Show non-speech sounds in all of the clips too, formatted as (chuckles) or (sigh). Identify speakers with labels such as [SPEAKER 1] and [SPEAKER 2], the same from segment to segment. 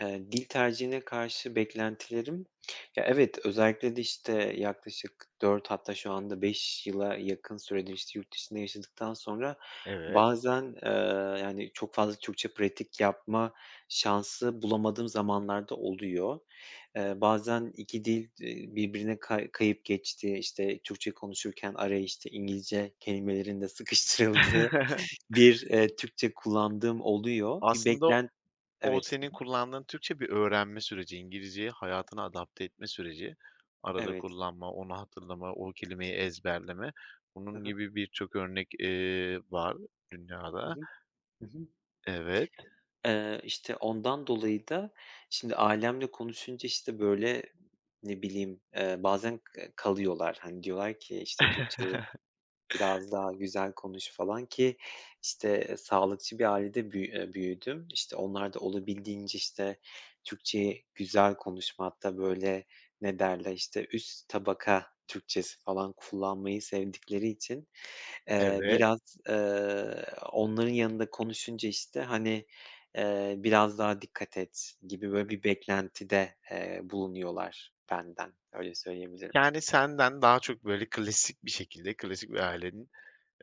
[SPEAKER 1] Eee, dil tercihine karşı beklentilerim, ya evet, özellikle de, işte, eee, yaklaşık 4 hatta şu anda 5 yıla yakın süredir, işte, yurt dışında yaşadıktan sonra
[SPEAKER 2] Evet.
[SPEAKER 1] bazen, eee, yani, çok fazla Türkçe pratik yapma şansı bulamadığım zamanlar da oluyor. Eee, bazen 2 dil, iii, birbirine ka kayıp geçtiği, işte, Türkçe konuşurken araya, işte, İngilizce kelimelerin de sıkıştırıldığı
[SPEAKER 2] (chuckles)
[SPEAKER 1] bir, eee, Türkçe kullandığım oluyor. Bir
[SPEAKER 2] Aslında
[SPEAKER 1] beklen
[SPEAKER 2] o
[SPEAKER 1] Evet,
[SPEAKER 2] senin kullandığın Türkçe, bir öğrenme süreci, İngilizceyi hayatına adapte etme süreci. Arada
[SPEAKER 1] Evet.
[SPEAKER 2] kullanma, onu hatırlama, o kelimeyi ezberleme,
[SPEAKER 1] Hı
[SPEAKER 2] bunun
[SPEAKER 1] hı.
[SPEAKER 2] gibi birçok örnek, eee, var
[SPEAKER 1] Hı
[SPEAKER 2] dünyada.
[SPEAKER 1] hı. Hı hı.
[SPEAKER 2] Evet.
[SPEAKER 1] Eee, işte, ondan dolayı da şimdi ailemle konuşunca, işte, böyle, ne bileyim, eee, bazen k kalıyorlar. Hani, diyorlar ki, işte, Türkçeyi
[SPEAKER 2] (chuckles)
[SPEAKER 1] biraz daha güzel konuş falan ki, işte sağlıkçı bir ailede büyü eee, büyüdüm. İşte, onlar da olabildiğince, işte, Türkçeyi güzel konuşmakta, böyle, ne derler, işte, üst tabaka Türkçesi falan kullanmayı sevdikleri için, eee,
[SPEAKER 2] Evet.
[SPEAKER 1] biraz, ııı, onların yanında konuşunca, işte, hani, eee, biraz daha dikkat et gibi, böyle, bir beklentide, eee, bulunuyorlar benden, öyle söyleyebilirim.
[SPEAKER 2] Yani, senden daha çok, böyle, klasik bir şekilde, klasik bir ailenin,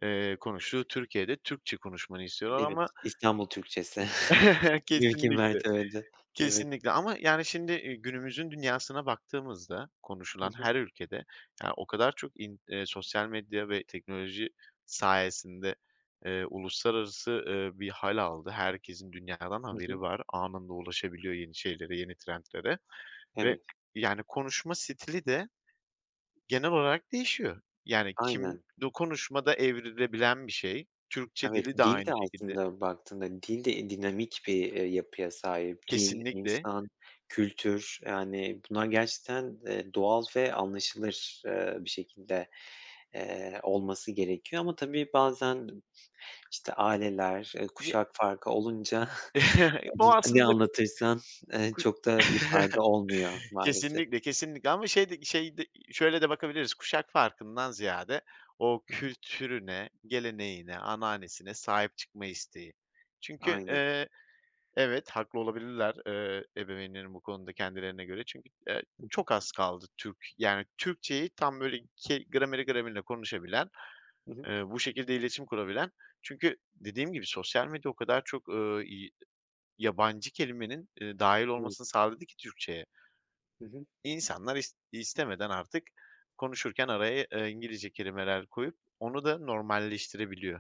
[SPEAKER 2] eee, konuştuğu Türkiye'de Türkçe konuşmanı istiyorlar
[SPEAKER 1] Evet,
[SPEAKER 2] ama
[SPEAKER 1] İstanbul Türkçesi. (chuckles)
[SPEAKER 2] (chuckles)
[SPEAKER 1] Mümkün
[SPEAKER 2] Kesinlikle,
[SPEAKER 1] mertebece. Evet.
[SPEAKER 2] kesinlikle ama yani, şimdi, iii, günümüzün dünyasına baktığımızda
[SPEAKER 1] Hı
[SPEAKER 2] konuşulan
[SPEAKER 1] hı.
[SPEAKER 2] her ülkede ya, o kadar çok in eee, sosyal medya ve teknoloji sayesinde, eee, uluslararası, ııı, bir hâl aldı. Herkesin dünyadan
[SPEAKER 1] Hı hı.
[SPEAKER 2] haberi var. Anında ulaşabiliyor yeni şeylere, yeni trendlere ve
[SPEAKER 1] Evet.
[SPEAKER 2] yani konuşma stili de genel olarak değişiyor, yani kim
[SPEAKER 1] Aynen.
[SPEAKER 2] du konuşmada evrilebilen bir şey. Türkçe
[SPEAKER 1] Evet,
[SPEAKER 2] dili de
[SPEAKER 1] dil
[SPEAKER 2] aynı
[SPEAKER 1] de
[SPEAKER 2] şekilde.
[SPEAKER 1] aslında baktığında dil de, iii, dinamik bir, eee, yapıya sahip. Dil,
[SPEAKER 2] Kesinlikle.
[SPEAKER 1] insan, kültür, yani, bunlar gerçekten, eee, doğal ve anlaşılır, eee, bir şekilde, eee, olması gerekiyor ama tabii bazen, işte, aileler, eee,
[SPEAKER 2] Ye
[SPEAKER 1] kuşak farkı olunca,
[SPEAKER 2] (chuckles)
[SPEAKER 1] (chuckles)
[SPEAKER 2] Bu
[SPEAKER 1] n ne
[SPEAKER 2] aslında
[SPEAKER 1] anlatırsan, eee,
[SPEAKER 2] ku
[SPEAKER 1] çok da bir fayda olmuyor
[SPEAKER 2] (chuckles)
[SPEAKER 1] maalesef.
[SPEAKER 2] Kesinlikle, kesinlikle ama şey de şey de, şöyle de bakabiliriz, kuşak farkından ziyade o
[SPEAKER 1] Hı hı.
[SPEAKER 2] kültürüne, geleneğine, ananesine sahip çıkma isteği. Çünkü,
[SPEAKER 1] Aynen.
[SPEAKER 2] eee, evet, haklı olabilirler, eee, ebeveynlerin bu konuda kendilerine göre çünkü, eee,
[SPEAKER 1] Hı hı.
[SPEAKER 2] çok az kaldı Türk, yani, Türkçeyi tam, böyle, ke grameri gramerine konuşabilen,
[SPEAKER 1] Hı hı.
[SPEAKER 2] eee, bu şekilde iletişim kurabilen çünkü dediğim gibi sosyal medya o kadar çok, ııı, i yabancı kelimenin, ııı, dâhil
[SPEAKER 1] Evet.
[SPEAKER 2] olmasını sağladı ki Türkçeye
[SPEAKER 1] Hı hı.
[SPEAKER 2] insanlar is istemeden artık konuşurken araya, eee, İngilizce kelimeler koyup, onu da normalleştirebiliyor.